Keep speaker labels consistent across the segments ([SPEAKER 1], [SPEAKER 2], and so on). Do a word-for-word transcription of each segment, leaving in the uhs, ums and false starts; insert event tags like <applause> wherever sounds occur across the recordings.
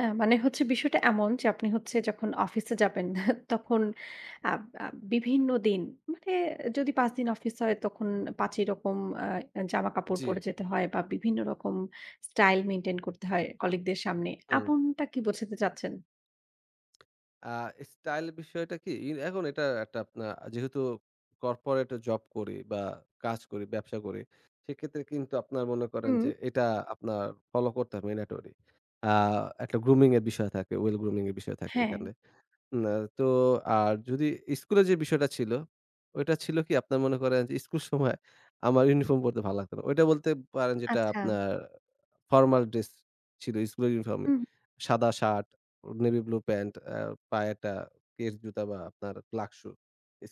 [SPEAKER 1] আ মানে হচ্ছে বিষয়টা এমন যে আপনি হচ্ছে যখন অফিসে যাবেন, <chuckles> তখন আব আ বিভিন্ন দিন মানে এ যদি পাঁচ দিন অফিস হয়, তখন পাঁচ ই রকম আ জামা-কাপড়
[SPEAKER 2] জী।
[SPEAKER 1] পরে যেতে হয় বা, বিভিন্ন রকম স্টাইল মেইনটেইন করতে হয় কলিগদের সামনে।
[SPEAKER 2] হুম।
[SPEAKER 1] আপন টা কি বোঝাতে চাচ্ছেন?
[SPEAKER 2] আ স্টাইল বিষয়টা কি ই এখন এটা একটা আপনার আ যেহেতু কর্পোরেট জব করি বা, কাজ করি, ব্যবসা করি। সেক্ষেত্রে কিন্তু আপনার মনে করেন
[SPEAKER 1] হুম।
[SPEAKER 2] যে এটা আপনার ফলো করতে হবে mandatory। আ একটা grooming এর বিষয় থাকে, well grooming এর বিষয় থাকে
[SPEAKER 1] হ্যাঁ।
[SPEAKER 2] এখানে। না, তো আর যদি স্কুলের যে বিষয়টা ছিল, ওইটা ছিল কি, আপনার মনে করেন যে, স্কুল সময় আমার ইউনিফর্ম পড়তে ভাল লাগতো না। ওইটা বলতে পারেন যেটা
[SPEAKER 1] আচ্ছা।
[SPEAKER 2] আপনার ফরমাল ড্রেস ছিল, স্কুলের ইউনিফর্মই।
[SPEAKER 1] হুম।
[SPEAKER 2] সাদা শার্ট, অ navy blue pant, আ পায়ে একটা keds জুতা বা, আপনার black shoe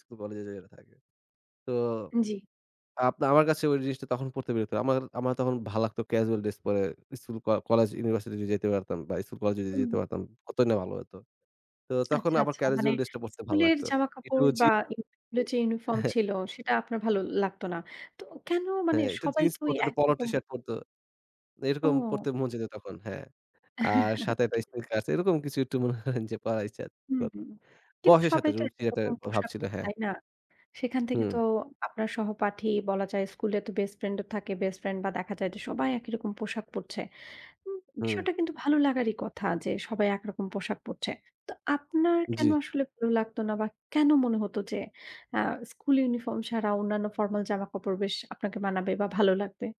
[SPEAKER 2] স্কুল-কলেজে যেটা থাকে। তো
[SPEAKER 1] জী।
[SPEAKER 2] আপনা আমার কাছে ঐ জিনিসটা তখন পড়তে বিরক্ত আমার আমার তখন ভালো লাগতো casual ড্রেস পরে স্কুল, ক কলেজ, ইউনিভার্সিটি যদি যেতে পারতাম বা, স্কুল-কলেজ যদি যেতে
[SPEAKER 1] উম।
[SPEAKER 2] পারতাম, কতই না ভালো হতো! তো তখন
[SPEAKER 1] আচ্ছা,
[SPEAKER 2] আবার
[SPEAKER 1] আচ্ছা। মানে
[SPEAKER 2] কেরজুয়াল ড্রেসটা পরতে ভাল
[SPEAKER 1] স্কুলের
[SPEAKER 2] লাগতো। একটু
[SPEAKER 1] জামাকাপড়
[SPEAKER 2] জি
[SPEAKER 1] বা, স্কুলের
[SPEAKER 2] <unintelligible>
[SPEAKER 1] যে ইউনিফর্ম
[SPEAKER 2] <chuckles>
[SPEAKER 1] ছিল, সেটা আপনার ভালো লাগতো না। তো কেন, মানে
[SPEAKER 2] হ্যাঁ, একটু
[SPEAKER 1] সবাই
[SPEAKER 2] জিন্স
[SPEAKER 1] তো ঐ
[SPEAKER 2] পরতে, একটু Polo
[SPEAKER 1] একরকম
[SPEAKER 2] টি-শার্ট পরতো। এরকম
[SPEAKER 1] ও!
[SPEAKER 2] পরতে মন চাইতো তখন, হ্যাঁ। আর সাথে একটা
[SPEAKER 1] <chuckles>
[SPEAKER 2] স্নিকারস আছে। এরকম কিছু একটু মনে করেন যে পরার ইচ্ছা
[SPEAKER 1] হুম,
[SPEAKER 2] করতো।
[SPEAKER 1] হুম। কিন্তু
[SPEAKER 2] বয়সের সাথে
[SPEAKER 1] সবাই তো
[SPEAKER 2] রুচির একটা
[SPEAKER 1] একইরকম
[SPEAKER 2] ভাব
[SPEAKER 1] পোশাক
[SPEAKER 2] ছিল,
[SPEAKER 1] পরে,
[SPEAKER 2] হ্যাঁ।
[SPEAKER 1] তাই না? সেখান থেকে তো
[SPEAKER 2] হুম।
[SPEAKER 1] আপনার সহপাঠী বলা যায় স্কুলে তো বেস্ট ফ্রেন্ডও থাকে। বেস্ট ফ্রেন্ড বা, দেখা যায় যে সবাই একই রকম পোশাক পরছে। উম
[SPEAKER 2] হুম।
[SPEAKER 1] বিষয়টা কিন্তু ভালো লাগারই কথা যে, সবাই একরকম পোশাক পরছে। তো আপনার কেন
[SPEAKER 2] জী।
[SPEAKER 1] আসলে ভালো লাগতো না? বা, কেন মনে হতো যে আ স্কুলে ইউনিফর্ম ছাড়া অন্যান্য ফরমাল জামা-কাপড় বেশ আপনাকে মানাবে বা, ভালো লাগবে?